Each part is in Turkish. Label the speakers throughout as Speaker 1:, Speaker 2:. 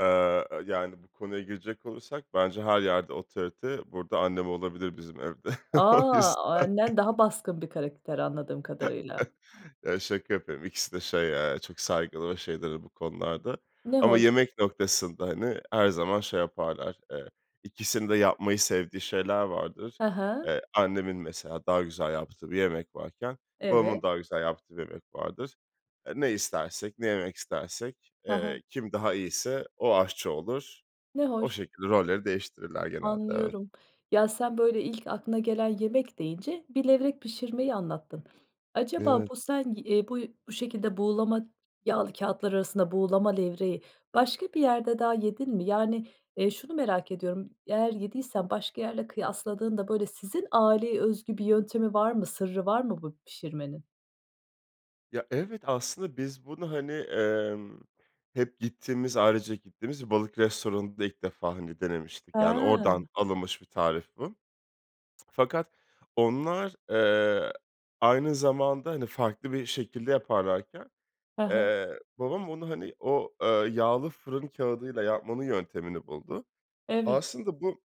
Speaker 1: Eee, eee, yani, bu konuya girecek olursak bence her yerde otorite burada annem olabilir bizim evde,
Speaker 2: A!
Speaker 1: o yüzden.
Speaker 2: Annen daha baskın bir karakter anladığım kadarıyla.
Speaker 1: Eee, şaka yapıyorum. İkisi de şey, eee, çok saygılı ve şeydir bu konularda
Speaker 2: Ne
Speaker 1: ama
Speaker 2: hoş.
Speaker 1: yemek noktasında, hani, her zaman şey yaparlar, eee, ikisinin de yapmayı sevdiği şeyler vardır.
Speaker 2: Ha ha.
Speaker 1: Eee, annemin mesela daha güzel yaptığı bir yemek varken babamın
Speaker 2: Evet.
Speaker 1: daha güzel yaptığı bir yemek vardır. Eee, ne istersek, ne yemek istersek,
Speaker 2: Ha
Speaker 1: eee,
Speaker 2: ha.
Speaker 1: kim daha iyiyse o aşçı olur.
Speaker 2: Ne
Speaker 1: O
Speaker 2: hoş.
Speaker 1: şekilde rolleri değiştirirler genelde, evet.
Speaker 2: Anlıyorum, ya, sen böyle ilk aklına gelen yemek deyince bir levrek pişirmeyi anlattın. Acaba
Speaker 1: Evet.
Speaker 2: bu sen i eee, bu bu şekilde buğulama yağlı kâğıtlar arasında buğulama levreği başka bir yerde daha yedin mi? Yani, eee, şunu merak ediyorum, eğer yediysen başka yerle kıyaslandığında, böyle, sizin aileye özgü bir yöntemi var mı, sırrı var mı bu pişirmenin?
Speaker 1: Ya, evet, aslında biz bunu, hani, emm, hep gittiğimiz, ailecek gittiğimiz bir balık restoranında ilk defa, hani, denemiştik. Yani,
Speaker 2: Ha.
Speaker 1: oradan alınmış bir tarif bu. Fakat, onlar, eee, aynı zamanda, hani, farklı bir şekilde yaparlarken,
Speaker 2: Ha ha.
Speaker 1: eee, babam onu, hani, o, eee, yağlı fırın kâğıdıyla yapmanın yöntemini buldu.
Speaker 2: Evet.
Speaker 1: Aslında bu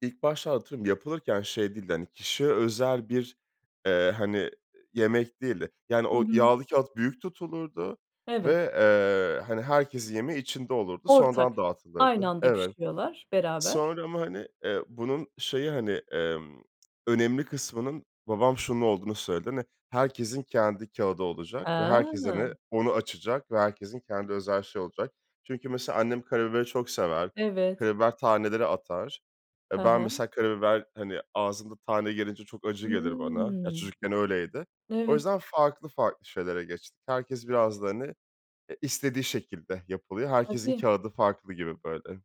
Speaker 1: ilk başta, atıyorum, yapılırken şey değildi, hani, kişiye özel bir, eee, hani, yemek değildi. Yani,
Speaker 2: Hı
Speaker 1: o
Speaker 2: hı.
Speaker 1: yağlı kâğıt büyük tutulurdu ve,
Speaker 2: Evet.
Speaker 1: eee, hani, herkesin yemeği içinde olurdu, sonradan
Speaker 2: Ortak. Aynı
Speaker 1: dağıtılırdı
Speaker 2: anda
Speaker 1: Evet.
Speaker 2: pişiriyorlar. Beraber.
Speaker 1: Sonra ama, hani, eee, bunun şeyi, hani, emm, önemli kısmının babam şunun olduğunu söyledi. Hani, "Herkesin kendi kâğıdı olacak ve herkes,
Speaker 2: A!
Speaker 1: hani, onu açacak ve herkesin kendi özel şeyi olacak." Çünkü mesela annem karabiberi çok sever.
Speaker 2: Evet.
Speaker 1: Karabiber taneleri atar. E,
Speaker 2: Ha
Speaker 1: ben
Speaker 2: ha.
Speaker 1: mesela karabiber, hani, ağzımda tane gelince çok acı gelir bana. Ya,
Speaker 2: Hımm.
Speaker 1: çocukken öyleydi. O
Speaker 2: Evet.
Speaker 1: yüzden farklı farklı şeylere geçtik. Herkes biraz da, hani, e istediği şekilde yapılıyor. Herkesin
Speaker 2: Tabii.
Speaker 1: kâğıdı farklı gibi, böyle.